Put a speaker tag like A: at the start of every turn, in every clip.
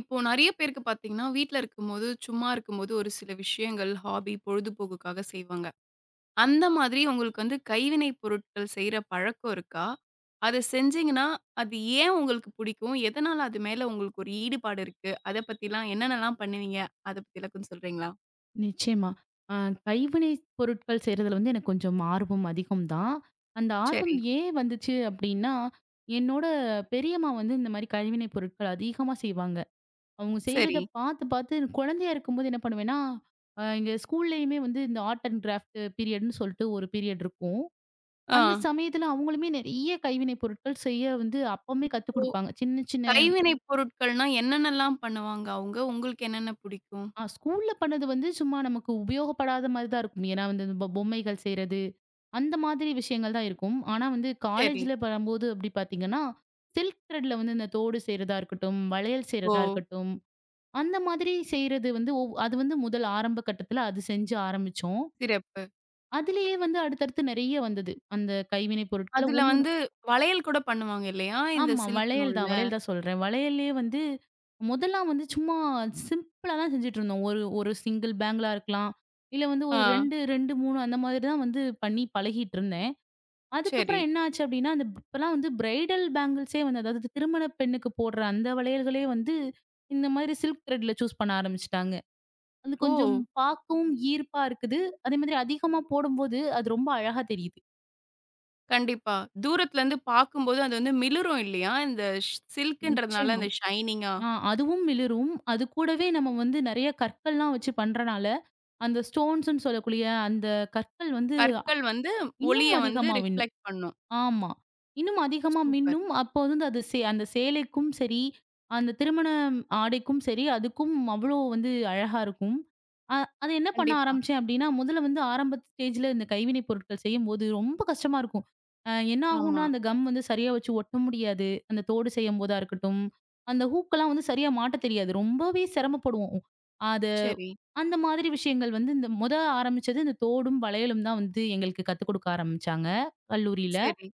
A: இப்போ நிறைய பேருக்குப் பார்த்தீங்க என்றால், வீட்டில் இருக்கும்போது, சும்மா இருக்கும்போது ஒரு சில விஷயங்கள் ஹாபி பொழுதுபோக்குக்காக செய்வாங்க. அந்த மாதிரி உங்களுக்கு வந்து கைவினை பொருட்கள் செய்ற பழக்கம் இருக்கா? அதை செஞ்சீங்க என்றால் அது ஏன் உங்களுக்குப் பிடிக்கும்? எதனால் அது மேல் உங்களுக்கு ஒரு ஈடுபாடு இருக்கு. அதைப் பற்றி எல்லாம் என்னென்ன எல்லாம் பண்ணுவீங்க? அதைப் பற்றி கொஞ்சம் சொல்றீங்களா?
B: நிச்சயமாக. அ, கைவினை பொருட்கள் செய்யறது வந்து எனக்குக் கொஞ்சம் ஆர்வம் அதிகம் தான். அந்த ஆர்வம்
A: சரி.
B: ஏன் வந்தது அப்படி என்றால் என்னோட பெரியம்மா வந்து இந்த மாதிரி கைவினை பொருட்கள் அதிகமாக செய்வாங்க. அவங்க செய்யறதை
A: சரி.
B: பார்த்துப் பார்த்து குழந்தையாக இருக்கும்போது என்ன பண்ணுவேன் என்றால், எங்க ஸ்கூலிலேயுமே வந்து இந்த ஆர்ட் அண்ட் கிராஃப்ட் பீரியட் என்று சொல்லிட்டு ஒரு பீரியட் இருக்கும். அந்தச்
A: ஆ.
B: சமயத்தில் அவங்களுமே நிறைய கைவினை பொருட்கள் செய்ய வந்து அப்பவே கத்துக் கொடுப்பாங்க. சின்ன சின்ன
A: இப்போ கைவினை பொருட்கள் என்றால் என்னென்ன எல்லாம் பண்ணுவாங்க அவங்க? உங்களுக்கு என்னென்ன பிடிக்கும்?
B: ஆ, ஸ்கூலில் பண்ணது வந்து சும்மா நமக்கு உபயோகப்படாத மாதிரிதான் இருக்கும். ஏன் என்றால் இந்த பொம் பொம்மைகள் செய்யறது அந்த மாதிரி விஷயங்கள் தான் இருக்கும். ஆனா வந்து
A: சரி.
B: காலேஜில் பண்ணும்போது அப்படி பார்த்தீங்க என்றால் சில்க் த்ரெட்ல வந்து இந்தத் தோடு செய்யறதா இருக்கட்டும், வளையல் செய்யறதா
A: ஓ!
B: இருக்கட்டும் அந்த மாதிரி செய்யறது வந்து அது வந்து முதல் ஆரம்ப கட்டத்தில் அது செய்ய ஆரம்பித்தோம்.
A: சிறப்பு.
B: அதிலேயே வந்து அடுத்தடுத்து நிறைய வந்தது. அந்தக் கைவினை பொருட்களில்
A: அதில்
B: ஒன்று ஒன்றாக
A: வந்து வளையல் கூடப் பண்ணுவாங்க இல்லையா? இந்தச்
B: ஆமா
A: சில்க்
B: வளையல் தான்,
A: நூலில்.
B: வளையல் தான் சொல்றேன். வளையலிலே வந்து முதலெல்லாம் வந்து சும்மா சிம்பிளாக தான் செஞ்சுகிட்டு இருந்தோம். ஒரு ஒரு single bangle லா இருக்கலாம். இல்லை வந்து ஒரு
A: ஆ.
B: 2, 2, 3 அந்த மாதிரி தான் வந்து பண்ணி பழகிக்கிட்டு இருந்தேன்.
A: சரி.
B: அதுக்கப்புறம் என்ன ஆச்சு அப்படி என்றால், அந்த இப்போ எல்லாம் பிரைடல் பேங்கிள்ஸ் அதாவது திருமண பெண்ணுக்குப் போடுற அந்த வளையல்களை வந்து இந்த மாதிரி சில்க் த்ரெட்ல சூஸ் பண்ண ஆரம்பிச்சிட்டாங்க. அது கொஞ்சம்
A: ஓ!
B: பார்க்கவும் ஈர்ப்பாக இருக்குது. அதே மாதிரி அதிகமாக போடும்போது அது ரொம்ப அழகாக தெரியுது.
A: கண்டிப்பாக. தூரத்திலிருந்து பார்க்கும்போது அது வந்து மிளிரும் இல்லையா? இந்தச் சில்க் என்றதனால்
B: நிச்சயமா.
A: அந்த ஷனீங்கா
B: ஆ அதுவும் மிளிரும். அது கூடவே நாம வந்து நிறைய கற்கள் எல்லாம் வைச்சு பண்றதனால், அந்த ஸ்டோன்ஸ்ன்னு சொல்லக்கூடிய அந்தக் கற்கள் வந்து அ
A: கற்கள் வந்து
B: இன்னும்
A: ஒளியை வந்து
B: அதிகமாக மின்னும்.
A: ரிஃப்ளக்ட் பண்ணும்.
B: ஆமா இன்னும் அதிகமாக
A: சூப்பர்.
B: மின்னும். அப்போ வந்து அது அந்தச் சேலைக்கும் சரி அந்தத் திருமண ஆடைக்கும் சரி அதுக்கும் அவ்வளவு வந்து அழகாக இருக்கும். அ அதை என்ன பண்ண
A: கண்டிப்பா.
B: ஆரம்பித்தேன் அப்படி என்றால், முதலில் வந்து ஆரம்ப நிலையில் இந்த கைவினை பொருட்கள் செய்யும்போது ரொம்ப கஷ்டமாக இருக்கும். அ என்ன ஆகும்
A: ஆமா.
B: என்றால்? அந்தக் கம் வந்து சரியாக வைச்சு ஒட்ட முடியாது. அந்தத் தோடு செய்யும்போது இருக்கட்டும். அந்த ஹூக்லாம் வந்து சரியாக மாட்ட தெரியாது. ரொம்பவே சிரமப்படுவோம். அத
A: சரி.
B: அந்த மாதிரி விஷயங்கள் வந்து முதலில் ஆரம்பித்தது இந்தத் தோடும் வளையலும் தான் வந்து எங்களுக்குக் கத்துக் கொடுக்க ஆரம்பிச்சாங்க, கல்லூரியில்.
A: சரி.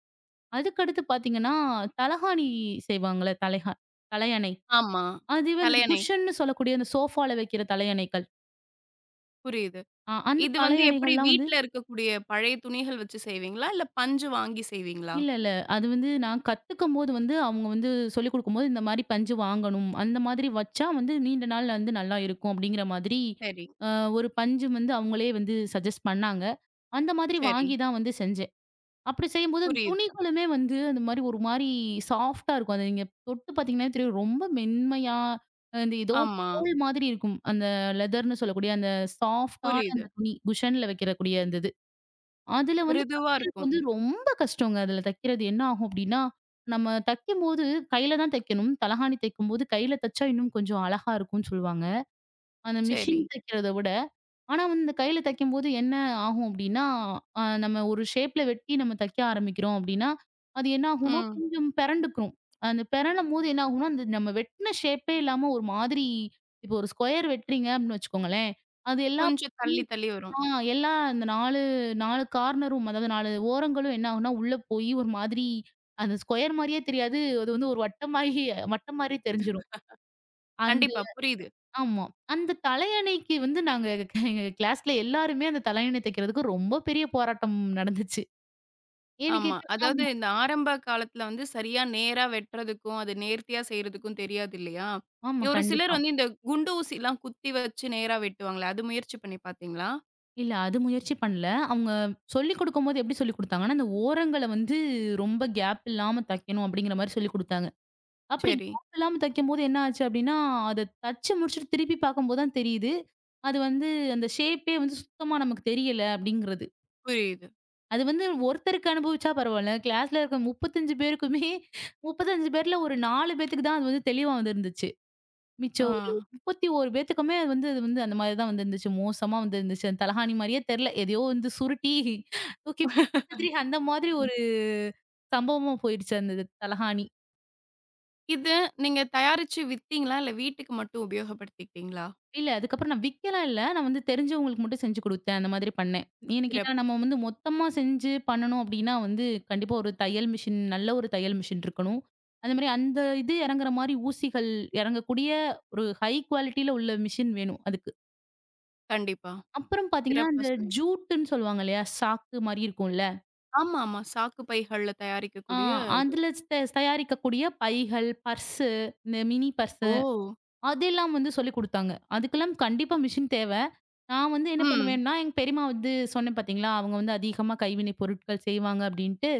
B: அதுக்கு அடுத்து பார்த்தீங்க என்றால், தலையணை செய்வாங்களே. தலைக தலையணை
A: ஆமா.
B: அது வந்து
A: தலையணை.
B: குஷன்னு சொல்லக்கூடிய அந்த ஷோபாவில் வைக்கிற தலையணைகள்.
A: புரியுது.
B: அ அந்தத்
A: இது வந்து
B: தலையணைகள்
A: எப்படி
B: எல்லாம் வந்து
A: வீட்டில் இருக்கக்கூடிய பழைய துணிகள் வைச்சு செய்வீங்களா, இல்லை பஞ்சு வாங்கி செய்வீங்களா?
B: இல்லை, இல்லை. அது வந்து. நான் கத்துக்கிறபோது வந்து அவங்க வந்து சொல்லிக்கொடுக்கும்போது இந்த மாதிரி பஞ்சு வாங்கவேண்டும். அந்த மாதிரி வைச்சால் வந்து நீண்ட நாள் இருந்து நல்லாக இருக்கும் அப்படின்கிற மாதிரி
A: சரி.
B: ஆ ஒரு பஞ்சு வந்து அவங்களே வந்து சஜஸ்ட் பண்ணாங்க. அந்த மாதிரி
A: சரி.
B: வாங்கி தான் வந்து செஞ்சேன். அப்படி செய்யும்போது
A: புரியுது.
B: துணிகளுமே வந்து அந்த மாதிரி ஒரு மாதிரி சாஃப்ட்டா இருக்கும். அது நீங்கத் தொட்டு பார்த்தீங்க என்றால், ரொம்ப மென்மையாக அந்த எதோ
A: ஆமா.
B: தோல் மாதிரி இருக்கும். அந்த லேதர் என்று சொல்லக்கூடிய அந்த சாஃப்ட்டான
A: புரியுது.
B: அந்தத் துணி குஷனில் வைக்கறக்கூடிய அந்த இது. அதில் வந்து
A: மிருதுவா
B: [unintelligible]
A: இருக்கும்.
B: வந்து ரொம்ப கஷ்டோங்க. அதில் தைக்கிறது என்ன ஆகும் அப்படி என்றால், நம்ம தைக்கும்போது கையில் தான் தைக்கவேண்டும். தலையணை தைக்கும்போது கையில் தைச்சால் இன்னும் கொஞ்சம் அழகாக இருக்கும் என்று சொல்லுவாங்க. அந்த மெஷின்
A: சரி.
B: தைக்கிறதை விட ஆனா கையில் தைக்கும்போது என்ன ஆகும் அப்படி என்றால் அ நாம ஒரு ஷேப் வெட்டி நாம தைக்க ஆரம்பிக்கிறோம். அப்படி என்றால் அது என்ன ஆகும் என்றால்?
A: ம்.
B: கொஞ்சம் பிறழும்போது என்ன ஆகும் என்றால்? அந்த நம்ம வெட்டின ஷேப்பே இல்லாமல் ஒரு மாதிரி இப்போ ஒரு ஸ்குயர் வெட்டுறீங்க. அப்படின்னு வைச்சுக்கோங்களேன். அது எல்லாம்.
A: கொஞ்சம் தள்ளி தள்ளி வரும்.
B: [unintelligible] எல்லாம் அந்த 4,4 கார்னர் ரூம் அதாவது 4 ஓரங்களும் என்ன ஆகும் என்றால்? உள்ளே போய் ஒரு மாதிரி அந்த ஸ்குயர் மாதிரியே தெரியாது. அது ஒரு வட்டமான மாதிரி மட்டமான மாதிரி தெரிஞ்சிடும். அந்த
A: கண்டிப்பா புரியுது.
B: ஆமா. அந்தத் தலையணைக்கு வந்து நாங்க எங்க கிளாஸில் எல்லாருமே அந்தத் தலையணை தைக்கறதுக்கு ரொம்ப பெரிய போராட்டம் நடந்திருச்சு. ஏன் என்று
A: ஆமா. அதாவது
B: கேட்டால்
A: இந்த ஆரம்ப காலத்தில் வந்து சரியாக நேராக வெட்றதுக்கும் அதை நேர்த்தியாக செய்றதுக்கும் தெரியாது இல்லையா,
B: ஆமா.
A: ஒரு சிலர்
B: கண்டிப்பா.
A: வந்து இந்தக் குண்டு ஊசி எல்லாம் குத்தி வைச்சு நேராக வெட்டுவாங்களே. அது முயற்சி பண்ணி பார்த்தீங்களா?
B: இல்ல அது முயற்சி பண்ணல. அவங்க சொல்லிக்கொடுக்கும்போது, எப்படி சொல்லிக்கொடுத்தாங்கனா, அந்த ஓரங்கள வந்து ரொம்ப கேப் இல்லாம தைக்கணும் அப்படிங்கற மாரி சொல்லிக்கொடுத்தாங்க. அப்படி
A: சரி.
B: கேப் இல்லாம தைக்கும்போது என்ன ஆச்சு அப்படின்னா, அத தச்சு முடிச்சுட்டு திருப்பிப் பாக்கும்போது தான் தெரியுது. அது வந்து அந்த ஷேப்பே வந்து சுத்தமா நமக்குத் தெரியல அப்படிங்கறது.
A: புரியுது.
B: அது வந்து ஒருத்தருக்கு அனுபவிச்சா பரவாயில்ல. கிளாஸ்ல இருக்குற 35 பேருக்குமே 35 பேர்ல ஒரு 4 பேத்துக்கு தான் அது வந்து தெளிவா வந்து இருந்துச்சு. மிச்சம் ஒரு
A: ஆ.
B: 31 பேத்துக்குமே அது வந்து அது வந்து அந்த மாரி தான் வந்து இருந்துச்சு. மோசமா வந்து இருந்துச்சு. தலகாணி மாரியே தெரியல. எதையோ வந்து சுருட்டி தூக்கி [unintelligible] அந்த மாதிரி
A: ம்.
B: ஒரு சம்பவமா போயிடுச்சு அந்த இது தலகாணி.
A: இத நீங்கத் தயாரிச்சு வித்திங்களா? இல்ல வீட்டுக்கு மட்டும் உபயோகப்படுத்திடிங்களா?
B: இல்ல. அதுக்கப்புறம் நான் விக்கலாம் இல்ல. நான் வந்து தெரிஞ்சவங்களுக்கு மட்டும் செஞ்சு கொடுத்தேன். அந்த மாதிரி பண்ணேன். ஏன் கேட்டா?
A: சிறப்பு.
B: நம்ம வந்து மொத்தமா செஞ்சு பண்ணனும் அப்படின்னா வந்து கண்டிப்பா ஒரு தையல் மிஷின் நல்ல ஒரு தையல் மிஷின் இருக்கணும். அந்த மாதிரி அந்த இது எறங்குற மாதிரி ஊசிகள் எறங்கக்கூடிய ஒரு ஹை குவாலிட்டில உள்ள மிஷின் வேணும் அதுக்கு.
A: கண்டிப்பா.
B: அப்புறம் பாத்தீங்கன்னா,
A: சிறப்பா
B: அந்த
A: சொன்னிங்க.
B: ஜூட்டுன்னு சொல்லுவாங்க இல்லயா. சாக்கு மாரி இருக்கும்ல
A: ஆமாமா சாக்கு பைகள்ல
B: ஆ
A: தயாரிக்கக்கூடிய இது.
B: அதுல ஸ்த தயாரிக்கக்கூடிய பைகள், பர்ஸு, மி மினி பர்ஸு
A: ஓ!
B: அதெல்லாம் வந்து சொல்லிக் கொடுத்தாங்க. அதுக்கெல்லாம் கண்டிப்பா மெஷின் தேவ. நான் வந்து என்ன
A: ம்.
B: பண்ணுவேன்னா? எங்க பெரியம்மா வந்து சொன்னேன் பாத்தீங்களா. அவங்க வந்து அதிகமா கைவினை பொருட்கள் செய்வாங்க அப்படின்னுட்டு.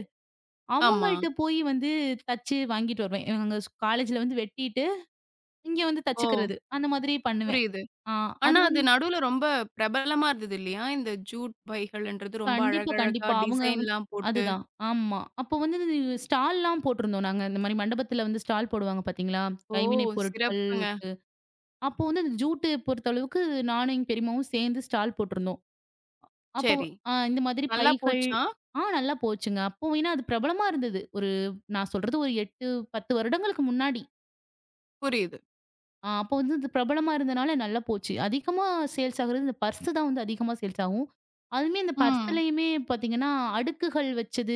A: ஆமா.
B: அவங்கள்ட்ட போயி வந்து தச்சு வாங்கிட்டு வருவேன். எங்க ஸ் காலேஜ்ல வந்து வெட்டிட்டு, இங்க வந்து
A: ஓ.
B: தச்சுக்கறது அந்த மாதிரி பண்ணுவேன்.
A: புரியுது.
B: அ அது
A: ஆனா அது
B: வந்து
A: நடுல ரொம்ப பிரபலமா இருந்தது இல்லையா? இந்த ஜுட் பைகள்ன்றது ரொம்ப
B: கண்டிப்பா
A: அழகா அழகா
B: கண்டிப்பா. அவங்க
A: டிசைன்லாம்
B: அது
A: போட்டு.
B: தான். ஆமா. அப்போ வந்து ஸ்டால்லாம் போட்டுருந்தோம் நாங்க. இந்த மாதிரி மண்டபத்துல வந்து ஸ்டால் போடுவாங்க பாத்தீங்களா.
A: ஓ!
B: கைவினை பொருட்கள்.
A: சிறப்புங்க.
B: அப்போ வந்து ஜூட் பொறுத்த அளவுக்கு நானும் எங்க பெரியம்மாவும் சேர்ந்து ஸ்டால் போட்டுருந்தோம். அப்போ
A: சரி.
B: இந்த மாதிரி
A: நல்லா
B: பைகள்
A: போச்சா?
B: ஆ நல்லா போச்சுங்க. அப்ப அது பிரபலமா இருந்தது. ஒரு நான் சொல்றது ஒரு 8,10 வருடங்களுக்கு முன்னாடி.
A: புரியுது.
B: ஆ அப்போ வந்து இது பிரபலமா இருந்ததுனால நல்லா போச்சு. அதிகமா சேல்ஸ் ஆகிறது பர்ஸ் தான் அதிகமா சேல்ஸ் ஆகும். அதுமே அந்த
A: ம்.
B: பர்ஸ்லயுமே பார்த்தீங்கன்னா அடுக்குகள் வச்சது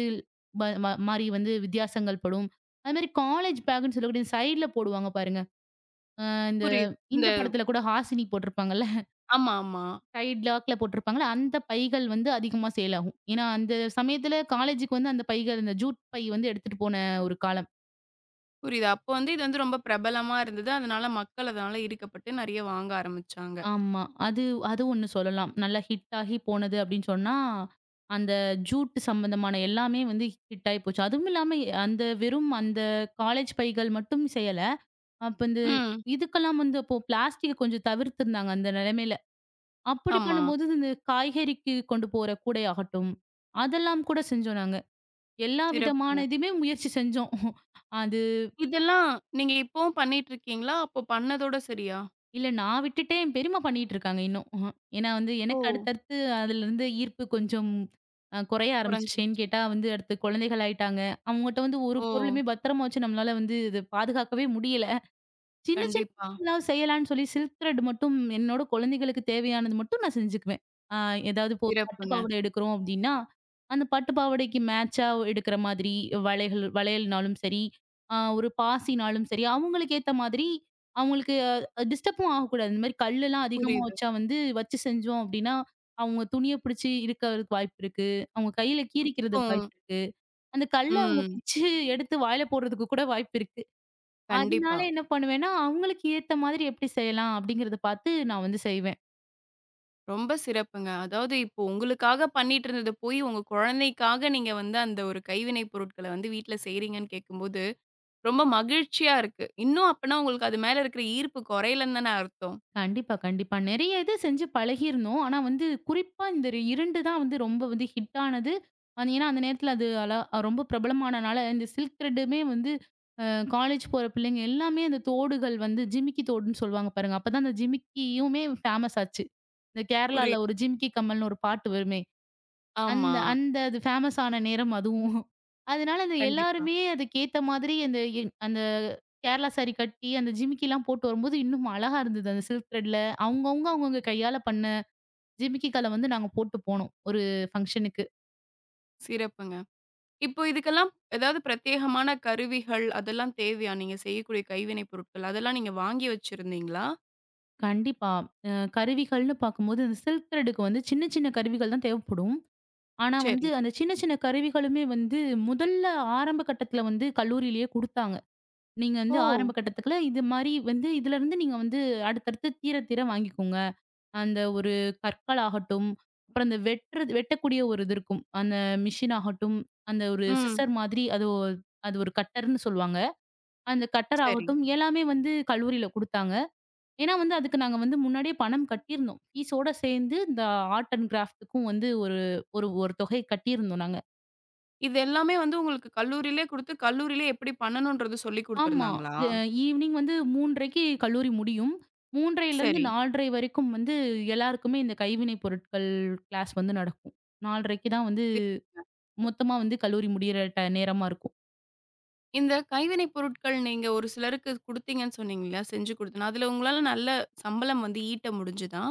B: மா மாரி வந்து வித்தியாசங்கள் படும். அதே மாரி காலேஜ் பேக்னு சொல்லக்கூடிய சைட்ல போடுவாங்க பாருங்க. அ இந்த
A: புரியுது இந்த
B: இந்தப்படத்துல கூட ஹாசினி போட்டுருப்பாங்கல்ல.
A: ஆமாமா.
B: சைடு லாக்ல போட்டுருப்பாங்கல்ல, அந்தப் பைகள் வந்து அதிகமா சேல் ஆகும். ஏன்னா அந்தச் சமயத்துல காலேஜ்க்கு வந்து அந்தப் பைகள், அந்த ஜூட் பேக் வந்து எடுத்துட்டு போன ஒரு காலம்.
A: புரியுதா? அப்ப வந்து இது ரொம்ப பிரபலமா இருந்தது. அதனால மக்கள் அதனால ஈர்க்கப்பட்டு நிறைய வாங்க ஆரம்பிச்சாங்க.
B: ஆமா. அது அது ஒண்ணு சொல்லலாம். நல்லா ஹிட் ஆகி போனது அப்படின்னு சொன்னா, அந்த ஜூட் சம்பந்தமான எல்லாமே வந்து ஹிட் ஆயிப்போச்சு. அதுவும் இல்லாம எ அந்த வெறும் அந்த காலேஜ் பைகள் மட்டும் செய்யல. அப்ப இந்த
A: ம்.
B: இதுக்கெல்லாம் வந்து அப்போ ப்ளாஸ்டிக் கொஞ்சம் தவிர்த்து இருந்தாங்க, அந்த நிலைமையில. அப்படி
A: ஆமா.
B: பண்ணும்போது இந்த காய்கறிக்கு கொண்டு போற கூடை ஆகட்டும், அதெல்லாம் கூடச் செஞ்சோம் நாங்க. எல்லா
A: சிறப்புங்க.
B: விதமானதுமே முயற்சி செஞ்சோம். அது
A: இதெல்லாம், நீங்க இப்போவும் பண்ணிட்டு இருக்கீங்களா? அப்பப் பண்ணதோட சரியா?
B: இல்ல நான் விட்டுட்டேன். என் பெரியம்மா பண்ணிக்கிட்டு இருக்காங்க, இன்னும். ஏன்னா வந்து, எனக்கு
A: ஓ.
B: அடுத்தடுத்து அதுல இருந்து ஈர்ப்பு கொஞ்சம் அ குறைய ஆரம்பிச்சுச்சு. ஏன்
A: குறைஞ்சிடுச்சு.
B: கேட்டா வந்து, அடுத்து குழந்தைகள் ஆயிட்டாங்க. அவங்க கிட்ட வந்து ஒரு
A: ஓ.
B: பொருளுமே பத்திரமா வச்சு நம்மளால வந்து இது பாதுகாக்கவே முடியல. சின்ன சின்னது
A: கண்டிப்பா.
B: எல்லாம் செய்யலாம்னு சொல்லி சில்க் த்ரெட் மட்டும் என்னோட குழந்தைகளுக்கு தேவையானது மட்டும் நான் செஞ்சுக்குவேன். ஆ ஏதாவது இப்போ ஒரு பட்டுப்
A: சிறப்புங்க.
B: பாவாடை எடுக்குறோம் அப்படின்னா, அந்தப் பட்டுப் பாவாடைக்கு மேட்ச்சா ஒ எடுக்குற மாதிரி வளைகள் வளையல்னாலும் சரி, அ ஒரு பாசினாலும் சரி அவங்களுக்கு ஏத்த மாதிரி, அவங்களுக்கு டிஸ்டர்ப்பும் ஆகக் கூடாது. இந்த மாதிரி கல்லுலாம் அதிகமா
A: புரியுது.
B: வச்சா வந்து வச்சு செஞ்சோம் அப்படின்னா. அவங்க துணியைப் புடிச்சு இழுக்குறதுக்கு வாய்ப்பு இருக்கு. அவங்க கையில கீறிக்கிறதுக்கு
A: [unintelligible]
B: வாய்ப்பு இருக்கு. அந்தக் கல்லை அவங்க
A: ம்.
B: பிச்சு எடுத்து வாயில போடுறதுக்கு கூட வாய்ப்பு இருக்கு. அதனால
A: கண்டிப்பா.
B: என்ன பண்ணுவேன்னா, அவங்களுக்கு ஏத்த மாதிரி எப்படி செய்யலாம்? அப்படிங்கறத பாத்து, நான் வந்து செய்வேன்.
A: ரொம்ப சிறப்புங்க. அதாவது இப்போ உங்களுக்காகப் பண்ணிட்டு இருந்தது போய் உங்க குழந்தைக்காக நீங்க வந்து அந்த ஒரு கைவினை பொருட்கள வந்து வீட்ல செய்றீங்கன்னு கேட்கும்போது, ரொம்ப மகிழ்ச்சியா இருக்கு. இன்னும் அப்பனா உங்களுக்கு அது மேல இருக்குற ஈர்ப்பு குறையலைன்னுதானே அர்த்தம்.
B: கண்டிப்பா, கண்டிப்பா. நெறைய இது செஞ்சு பழகி இருந்தோம். ஆனா வந்து குறிப்பா இந்த 2 தான் வந்து ரொம்ப ஹிட் ஆனது. ஏன்னா அந்த நேரத்துல அளா அது ரொம்ப பிரபலமானனால அந்த சில்க் திரேட் வந்து காலேஜ் போற புள்ளைங்க எல்லாமே அந்தத் தோடுகள் வந்து ஜிமிக்கி தோடுன்னு சொல்லுவாங்க பாருங்க. அப்பத் தான் அந்த ஜிமிக்கியுமே ஃபேமஸ் ஆச்சு. இந்தக்
A: புரியுது.
B: கேரளாவுல ஒரு ஜிமிக்கி கம்மல்னு ஒரு பாட்டு வருமே,
A: ஆமா.
B: அந்த அந்த ஃபேமஸ் ஆன நேரம் அதுவும். அதனால அத
A: கண்டிப்பா.
B: எல்லாருமே அதுக்கு ஏத்த மாதிரி அந்த அந்த கேரளா சாரீ கட்டி அந்த ஜிமிக்கிலாம் போட்டு வரும்போது, இன்னும் அழகா இருந்தது அந்த சில்க் திரேட்ல அவங்க அவங்க அவங்க கையால பண்ண ஜிமிக்கி கல்ல வந்து நாங்க போட்டுப் போனோம். ஒரு ஃபங்சன்க்கு.
A: சிறப்புங்க. இப்ப இதுக்கெல்லாம் ஏதாவது பிரத்யேகமான கருவிகள் அதெல்லாம் தேவையா? நீங்கச் செய்யக்கூடிய கைவினை பொருட்கள் அதெல்லாம் நீங்க வாங்கி வச்சிருந்தீங்களா?
B: கண்டிப்பா. அ கருவிகள்ன்னு பாக்கும்போது அந்த சில்க் திரேட்க்கு வந்து சின்ன சின்ன கருவிகள் தான் தேவப்படும். ஆனா வந்து
A: சரி.
B: அந்தச் சின்ன சின்ன கருவிகளுமே வந்து முதல்ல ஆரம்ப கட்டத்துல வந்து கல்லூரியிலே குடுத்தாங்க. நீங்க வந்து ஆரம்ப
A: ஓ!
B: கட்டத்துல இது மாரி வந்து இதுலருந்து நீங்க வந்து அடுத்தடுத்துத் தீரத் தீர வாங்கிக்கோங்க. அந்த ஒரு கற்களாகட்டும். அப்புறம் அந்த வெட்டுற வெட்டக்கூடிய ஒரு இது இருக்கும். அந்த மெஷின் ஆகட்டும். அந்த ஒரு
A: ம்.
B: சிஸ்சர் மாதிரி. அது அது ஒரு கட்டர்ன்னு சொல்லுவாங்க. அந்த கட்டர்
A: சரி.
B: ஆகட்டும். எல்லாமே வந்து கல்லூரியில குடுத்தாங்க. ஏன்னா வந்து அதுக்கு நாங்க வந்து முன்னாடியே பணம் கட்டி இருந்தோம். பீஸ் ஓட சேர்ந்து இந்த ஆர்ட் அண்ட் க்ராஃப்ட்க்கும் வந்து ஒரு ஒரு ஒரு தொகை கட்டி இருந்தோம் நாங்க.
A: இது எல்லாமே வந்து உங்களுக்குக் கல்லூரியிலே குடுத்து கல்லூரியிலே எப்படி பண்ணணுன்றது சொல்லிக்
B: ஆமா.
A: குடுத்திருந்தாங்களா?
B: அ ஈவினிங் வந்து 3 1/2 க்கு கல்லூரி முடியும். மூன்றரைல இருந்து
A: சரி.
B: நாலரை வரைக்கும் வந்து எல்லாருக்குமே இந்தக் கைவினை பொருட்கள் கிளாஸ் வந்து நடக்கும். 4 1/2 தான் வந்து மொத்தமா வந்து கல்லூரி முடியற ட் நேரமா இருக்கும்.
A: இந்தக் கைவினை பொருட்கள் நீங்க ஒரு சிலருக்குக் குடுத்தீங்கன்னு சொன்னீங்க இல்ல, செஞ்சு குடுத்த அதுல உங்களால நல்ல சம்பளம் வந்து ஈட்ட முடிஞ்சுதா?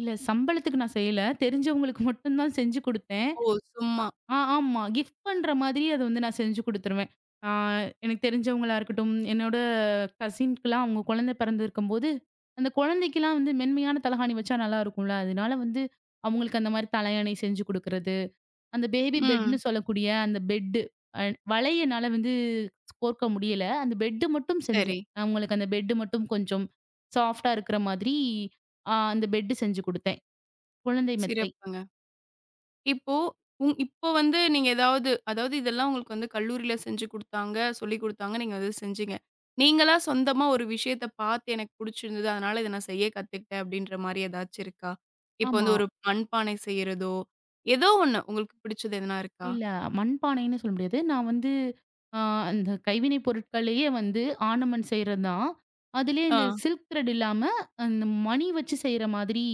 B: இல்ல. சம்பளத்துக்கு நான் செய்யல. தெரிஞ்சவங்களுக்கு மட்டும் தான் செஞ்சு கொடுத்தேன்.
A: ஓ, சும்மா.
B: ஆ-ஆமா கிஃப்ட் பண்ற மாதிரி அத வந்து நான் செஞ்சு கொடுத்துடுவேன். அ எனக்குத் தெரிஞ்சவங்களா இருக்கட்டும். என்னோட கசின்க்கெல்லாம் அவங்களுக்கு குழந்தை பிறந்து இருக்கும்போது, அந்தக் குழந்தைக்கு எல்லாம் வந்து மென்மையான தலைகாணி வச்சா நல்லா இருக்கும்ல. அதனால வந்து அவங்களுக்கு அந்த மாதிரி தலையாணி செஞ்சு குடுக்குறது. அந்த பேபி
A: ம்.
B: பெட்ன்னு சொல்லக்கூடிய அந்த பெட் அ வளையனால வந்து கோர்க்க முடியல. அந்த பெட் மட்டும் செஞ்சேன்.
A: சரி.
B: அவங்களுக்கு அந்த பெட் மட்டும் கொஞ்சம் சாஃப்ட்டா இருக்குற மாதிரி அந்த பெட் செஞ்சு கொடுத்தேன். குழந்தை மெத்தை.
A: சிறப்புங்க. இப்போ இப்ப வந்து நீங்க ஏதாவது அதாவது இதெல்லாம் உங்களுக்குக் கல்லூரியிலே செஞ்சு குடுத்தாங்க, சொல்லிக் குடுத்தாங்க, நீங்க அதைச் செஞ்சீங்க. நீங்கல்லா சொந்தமா ஒரு விஷயத்தைப் பார்த்து எனக்குப் பிடிச்சிருந்தது. அதனால இதை நான் செய்யக் கத்துக்கிட்டேன் அப்படின்ற மாதிரி ஏதாச்சி இருக்கா? இப்போ
B: ஆமா.
A: வந்து ஒரு மண்பானை செய்யறதோ, ஏதோ ஒண்ணு. உங்களுக்குப் பிடிச்சது எதுனா இருக்கா?
B: இல்ல மண் பானைன்னு சொல்ல முடியாது. நான் வந்து அ அந்தக் கைவினை பொருட்களையே வந்து ஆர்ணமன்ட் செய்றது தான். அதுலயே
A: ஆ.
B: இந்த சில்க் திரட் இல்லாம, இந்த மணி வச்சு செய்ற மாதிரி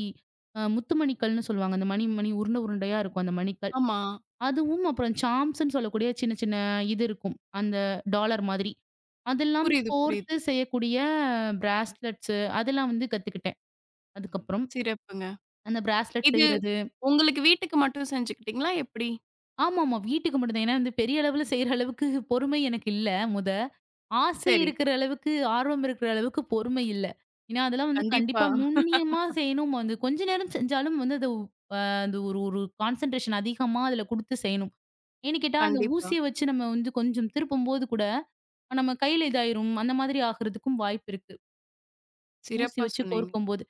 B: அ முத்துமணிகள்ன்னு சொல்லுவாங்க. மணி மணி உருண்டை உருண்டையா இருக்கும் மணிகள்.
A: ஆமா.
B: அதுவும் அப்புறம் சாம்ஸ்ன்னு சொல்லக்கூடிய சின்ன சின்ன இது இருக்கும். அந்த டாலர் மாதிரி. அதெல்லாம்
A: புரியுது, புரியுது.
B: கோர்த்துச் செய்யக்கூடிய பிராஸ்லெட்ஸ். அதெல்லாம் வந்து கத்துக்கிட்டேன். அதுக்கப்புறம்
A: சிறப்புங்க.
B: அந்த ப்ராஸ்லெட்
A: இது
B: செய்யறது.
A: உங்களுக்கு வீட்டுக்கு மட்டும் செஞ்சுக்கிட்டீங்களா எப்படி?
B: ஆமாமா வீட்டுக்கு மட்டும் தான். ஏன்னா பெரிய அளவுல செய்யற அளவுக்குப் பொறுமை எனக்கு இல்ல. முத ஆசை
A: சரி.
B: இருக்கிற அளவுக்கு, ஆர்வம் இருக்கிற அளவுக்குப் பொறுமை இல்ல. ஏன்னா அதெல்லாம்
A: கண்டிப்பா.
B: கண்டிப்பா நுண்ணியமா செய்யணும், வந்து கொஞ்ச நேரம் செஞ்சாலும் வந்து அது ஒ அ ஒரு ஒரு கான்சண்ட்ரேக்ஷன் அதிகமா அதுல குடுத்து செய்யணும். ஏன்னு கேட்டா அந்த
A: கண்டிப்பா.
B: ஊசிய வச்சு நம்ம கொஞ்சம் திருப்பும் போது கூட நம்ம கைல இது ஆயிடும். அந்த மாதிரி ஆகறதுக்கும் வாய்ப்பு இருக்கு. ஊசி
A: சிறப்பா
B: வச்சு
A: சொன்னீங்க.
B: கோர்க்கும் போது.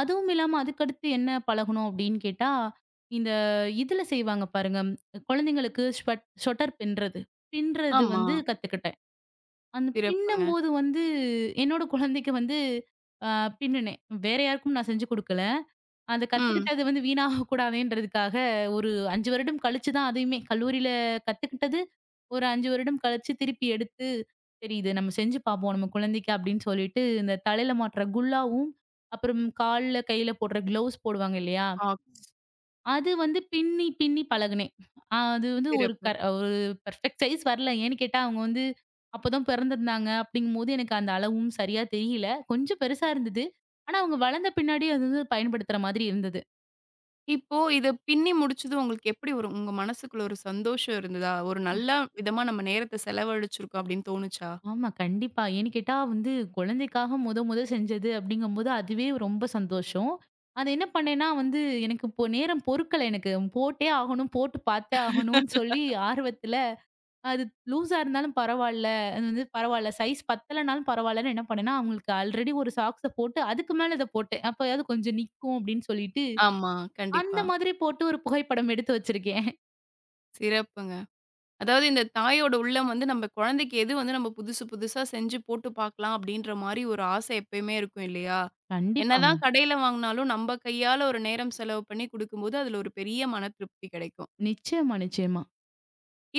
B: அதுவும் இல்லாம அதுக்கு அடுத்து என்ன பழகனும் அப்படின்னு கேட்டா, இந்த இதுல செய்வாங்க பாருங்க. குழந்தைகளுக்கு ஸ்வ் ஸ்வட்டர் பிண்றது. பிண்றது வந்து
A: ஆமாம்.
B: கத்துக்கிட்டேன். அந்தப்
A: சிறப்புங்க.
B: பின்னும்போது வந்து என்னோட குழந்தைக்கு வந்து ஆ பின்னுனேன். வேற யாருக்கும் நான் செஞ்சு கொடுக்கல. அதைக்
A: ம்.
B: கத்துக்கிட்டது வீணாகக் கூடாதுன்றதுக்காக ஒரு 5 வருடம் கழிச்சு தான் அதையுமே கல்லூரியில கத்துக்கிட்டது. ஒரு 5 வருடம் கழிச்சு திருப்பி எடுத்து தெரியுது. நம்ம செஞ்சு பாப்போம் நம்ம குழந்தைக்கு அப்படின்னு சொல்லிட்டு இந்தத் தலையில மாட்டுற குல்லாவும், அப்புறம் கால்ல, கையில போடுற க்ளோவ்ஸ் போடுவாங்க இல்லையா?
A: ஆ.
B: அது வந்து பின்னி பின்னி பழகினேன். அது வந்து ஒரு
A: சிறப்பு.
B: ப ப்ரபிக்ட் சைஸ் வரலை. ஏன்னு கேட்டா அவங்க வந்து அப்பதான் பிறந்திருந்தாங்க அப்படிங்கும்போது எனக்கு அந்த அளவும் சரியா தெரியல. கொஞ்சம் பெருசா இருந்தது. ஆனா அவங்க வளர்ந்த பின்னாடி அது வந்து பயன்படுத்துற மாதிரி இருந்தது.
A: இப்போ இதைப் பின்னி முடிச்சதும் உங்களுக்கு எப்படி ஒரு உங்க மனசுக்குள்ள ஒரு சந்தோஷம் இருந்ததா? ஒரு நல்ல விதமா நம்ம நேரத்த செலவழிச்சிருக்கோம் அப்படின்னு தோணுச்சா?
B: ஆமா கண்டிப்பா. ஏன்னு கேட்டா வந்து குழந்தைக்காக மொத மொத செஞ்சது அப்படிங்கும்போது, அதுவே ரொம்ப சந்தோஷம். அது என்ன பண்ணேன்னா வந்து, எனக்கு இப்போ நேரம் பொறுக்கல எனக்கு. போட்டே ஆகணும், போட்டுப் பார்த்தே ஆகணும்னு சொல்லி ஆர்வத்துல, அது லூஸ் இருந்தாலும் பரவாயில்ல, அது வந்து பரவாயில்ல, சைஸ் பத்தலைன்னா பரவாயில்லன்னு என்ன பண்ணேன்னா, அவங்களுக்கு அல்ரெடி ஒரு சாக்ஸ் போட்டு அதுக்கு மேல அதைப் போட்டேன். அப்பறம் கொஞ்சம் நிக்கும் அப்படின்னு சொல்லிட்டு,
A: ஆமா,
B: அந்த
A: கண்டிப்பா.
B: மாதிரி போட்டு ஒரு புகைப்படம் எடுத்து வச்சிருக்கேன்.
A: சிறப்புங்க. அதாவது இந்தத் தாயோட உள்ளம் வந்து நம்ப குழந்தைக்கு எது வந்து நம்ம புதுசு புதுசா செஞ்சு போட்டுப் பாக்கலாம், அப்டின்ற மாரி ஒரு ஆசை எப்பையுமே இருக்கும் இல்லையா? என்னதான்
B: கண்டிப்பாங்க.
A: கடையில வாங்குனாலும் நம்ப கையால, ஒரு நேரம் செலவு பண்ணி குடுக்கும்போது, அதுல ஒரு பெரிய மனத் திருப்தி கிடைக்கும்.
B: நிச்சியமா. நிச்சியமா.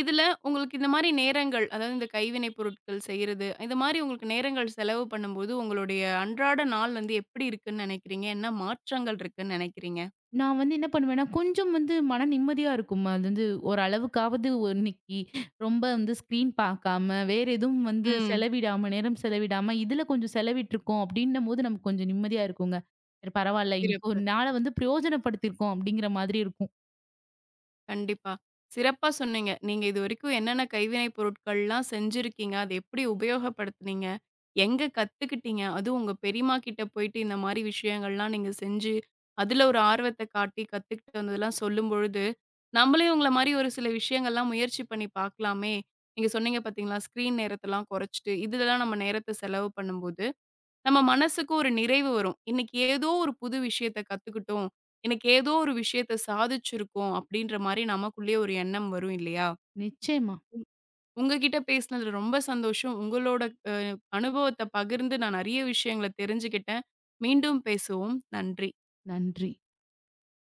A: இதுல உங்களுக்கு இந்த மாரி நேரங்கள், அதாவது இந்த கைவினைப் பொருட்கள் செய்யுறது, இந்த மாரி உங்களுக்கு நேரங்கள் செலவு பண்ணும்போது உங்களுடைய அன்றாட நாள் வந்து எப்டி இருக்குன்னு நெனைக்கிறீங்க? என்ன மாற்றங்கள் இருக்குன்னு நெனைக்கிறீங்க?
B: நான் வந்து என்ன பண்ணுவேன்னா, கொஞ்சம் வந்து மன நிம்மதியா இருக்கும்மா. அது வந்து ஒரு அளவுக்காவது இன்னைக்கு ரொம்ப வந்து ஸ்கிரீன் பாக்காம, வேற எதுவும் வந்து
A: ம்.
B: செலவிடாம, நேரம் செலவிடாம இதுல கொஞ்சம் செலவிட்டுருக்கோம். அப்டின்னும்போது நமக்கு கொஞ்சம் நிம்மதியா இருக்குங்க. சரி. பரவால்ல இன்னைக்கு
A: சிறப்பு.
B: 1 நாள வந்து பிரயோஜனப்படுத்திருக்கோம். அப்டிங்கற மாதிரி இருக்கும்.
A: கண்டிப்பா. சிறப்பா சொன்னீங்க. நீங்க இதுவரைக்கும் என்னென்ன கைவினை பொருட்கள்லாம் செஞ்சிருக்கீங்க? அத எப்டி உபயோகப்படுத்துனீங்க? எங்க கத்துக்கிட்டீங்க? அதுவும் உங்க பெரிம்மா கிட்ட போயிட்டு இந்த மாரி விஷயங்கள்லாம் நீங்கச் செஞ்சு அதுல ஒரு ஆர்வத்தக் காட்டி கத்துக்கிட்டு வந்ததுலாம் சொல்லும்பொழுது, நம்மளையும் உங்கள மாரி ஒரு சில விஷயங்கள்லாம் முயற்சி பண்ணி பாக்கலாமே. நீங்கச் சொன்னீங்க பார்த்தீங்களா, ஸ்கிரீன் நேரத்தலாம் கொறச்சிட்டு, இதுலலாம் நம்ம நேரத்த செலவு பண்ணும்போது நம்ம மனசுக்கு ஒரு நிறைவு வரும். இன்னைக்கு ஏதோ ஒரு புது விஷயத்தக் கத்துக்கிட்டோம். இன்னைக்கு ஏதோ ஒரு விஷயத்த சாதிச்சிருக்கோம். அப்டின்ற மாரி நமக்குள்ளே ஒரு எண்ணம் வரும் இல்லையா?
B: நிச்சியமா.
A: ம். உங்ககிட்ட பேசினதுல ரொம்ப சந்தோஷம். உங்களோட அ. அனுபவத்தப் பகிர்ந்து நான் நறைய விஷயங்களத் தெரிஞ்சுக்கிட்டேன். மீண்டும் பேசுவோம். நன்றி.
B: நன்றி.